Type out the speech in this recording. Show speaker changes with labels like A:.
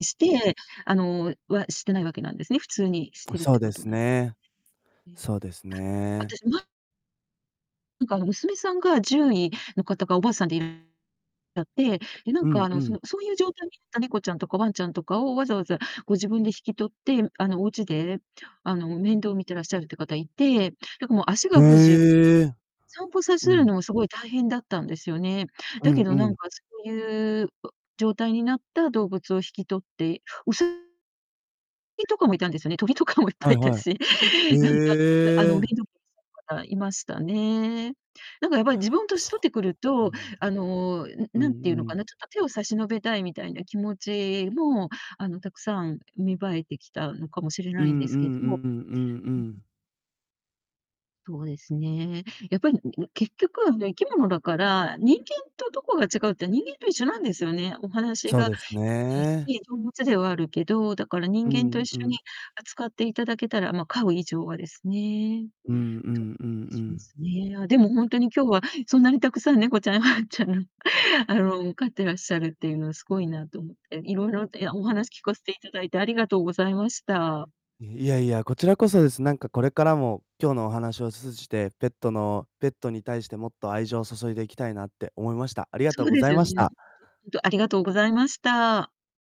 A: して、あのはしてないわけなんですね、普通にし
B: ん、
A: てるっ
B: そう
A: て
B: で
A: こと
B: す
A: なんです
B: ね。
A: ね。うん。
B: そうです
A: あ、
B: ね。
A: 私、まなんかあの娘さんが獣医の方がおばあさんでいやって、で、なん
B: う
A: か
B: ん、
A: あの、
B: う
A: そ
B: ん。
A: のそういう状態になった猫ちゃんとかワンちゃんとかをわざわざご自分で引き取って、あの、お家で、あの面倒を見てらっしゃるっていう方いて、だからもう足が不自由
B: へえ。
A: 散歩さ
B: う
A: せる
B: ん。
A: のも凄い大変だったんですよね。
B: う
A: だ
B: ん
A: け
B: う
A: どなん
B: ん。
A: かそういう、う状態になった動物を引き取って、うさぎとかもいたんですよね。鳥とかもいっ
B: は
A: ぱ
B: い
A: いいた
B: は
A: し、
B: い。
A: 何かあの
B: へ
A: 面
B: え。
A: 倒見ていらっしゃる方いましたね。なんかやっぱり自分年
B: そ
A: 取ってくる
B: うう
A: と、
B: ん。
A: あの、ん、
B: う
A: 何て
B: んう
A: 言うのか
B: ん。
A: な、ちょっと手を差し伸べたいみたいな気持ちも、あの、たくさん芽生えてきたのかもしれ
B: う
A: ないん
B: ん
A: で
B: うんう
A: すけど。う
B: ん
A: ん。
B: うんうん。
A: そうですね。やっぱり、んん、結局はあの生き物だから、人間とどこが違うって、人間と一緒なんですよね。お話
B: そう
A: が
B: で
A: で
B: す
A: きない
B: ね。
A: し、動物ではあるけど、だから
B: う
A: 人
B: ー
A: 間と一
B: ん、う
A: 緒
B: ん。
A: に扱って頂けたら、ま、飼う以上はですね。
B: うんう
A: と
B: んうんう
A: でしま
B: ん。
A: すね。あ、でも本当に今日は、そんなにたくさん猫ちゃん、ワンちゃんの、あの、飼ってらっしゃるっていうのは凄いなと思って、色々といやお
B: うん。
A: 話聞かせて頂いてありがとうございました。
B: え、いやいや、こちらこそです。なんかこれからも今日のお話を通じて、ペットのペットに対してもっと愛情を注いでいきたいなって思いました。ありがと
A: そ
B: う
A: う
B: ご
A: で
B: ざ
A: す
B: い
A: よ
B: まし
A: ね、
B: た。
A: ほんと。んと、ありがとうございました。